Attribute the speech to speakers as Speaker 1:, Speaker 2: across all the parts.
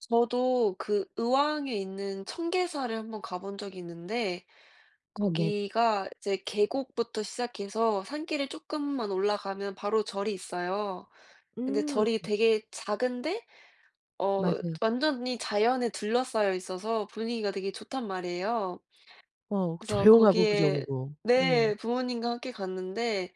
Speaker 1: 저도 그 의왕에 있는 청계사를 1 번 가 본 적이 있는데
Speaker 2: 어. 네.
Speaker 1: 거기가 이제 계곡부터 시작해서 산길을 쪼끔만 올라가면 바로 절이 있어요. 근데
Speaker 2: 음.
Speaker 1: 절이 되게 작은데 어
Speaker 2: 맞아요.
Speaker 1: 완전히 자연에 둘러싸여 있어서 분위기가 되게 좋단 말이에요.
Speaker 2: 어
Speaker 1: 그래서
Speaker 2: 조용하고 그죠
Speaker 1: 거기에
Speaker 2: 그거. 음.
Speaker 1: 네. 부모님과 함께 갔는데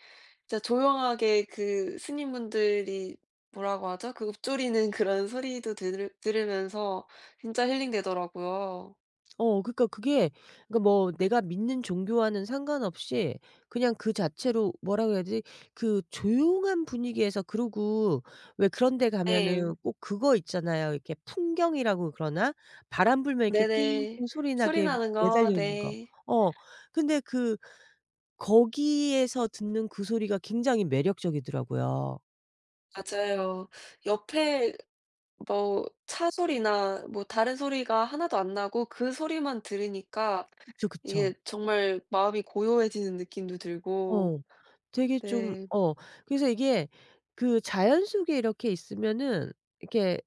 Speaker 1: 진짜 조용하게 그 스님분들이 뭐라고 하죠? 그 읊조리는 그런 소리도 들으 들으면서 진짜 힐링 되더라고요.
Speaker 2: 어 그니까 그게 그니까 뭐 내가 믿는 종교와는 상관없이 그냥 그 자체로 뭐라고 해야 되지? 그 조용한 분위기에서 그러고 왜 그런 데
Speaker 1: 예.
Speaker 2: 가면은 꼭 그거 있잖아요. 이렇게 풍경이라고 그러나? 바람 불면 이렇게 띵띵
Speaker 1: 네네.
Speaker 2: 소리
Speaker 1: 소리
Speaker 2: 나게
Speaker 1: 나는
Speaker 2: 매달려
Speaker 1: 거?
Speaker 2: 있는 거.
Speaker 1: 네.
Speaker 2: 어. 근데 그 거기에서 듣는 그 소리가 굉장히 매력적이더라고요.
Speaker 1: 맞아요. 옆에 뭐 차 소리나 뭐 다른 소리가 1 도 안 나고 그 소리만 들으니까
Speaker 2: 그쵸,
Speaker 1: 이게
Speaker 2: 그쵸.
Speaker 1: 정말 마음이 고요해지는 느낌도 들고
Speaker 2: 어. 되게 좀
Speaker 1: 네.
Speaker 2: 어. 그래서 이게 그 자연 속에 이렇게 있으면은 이렇게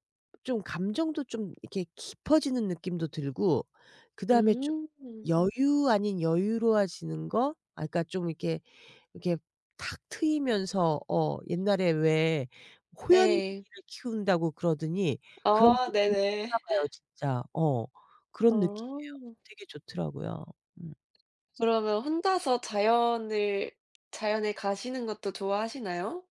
Speaker 2: 좀 감정도 좀 이렇게 깊어지는 느낌도 들고 그다음에 좀
Speaker 1: 음.
Speaker 2: 여유 아닌 여유로워지는 거? 아 그니까 좀 이렇게 이렇게 탁 트이면서 어 옛날에 왜
Speaker 1: 네.
Speaker 2: 호연지기를 키운다고 그러더니 그런 게
Speaker 1: 아.
Speaker 2: 있긴
Speaker 1: 네네.
Speaker 2: 있나 봐요 진짜. 어. 그런 느낌이에요.
Speaker 1: 아.
Speaker 2: 되게 좋더라고요. 음.
Speaker 1: 그러면 혼자서 자연을 자연에 가시는 것도 좋아하시나요?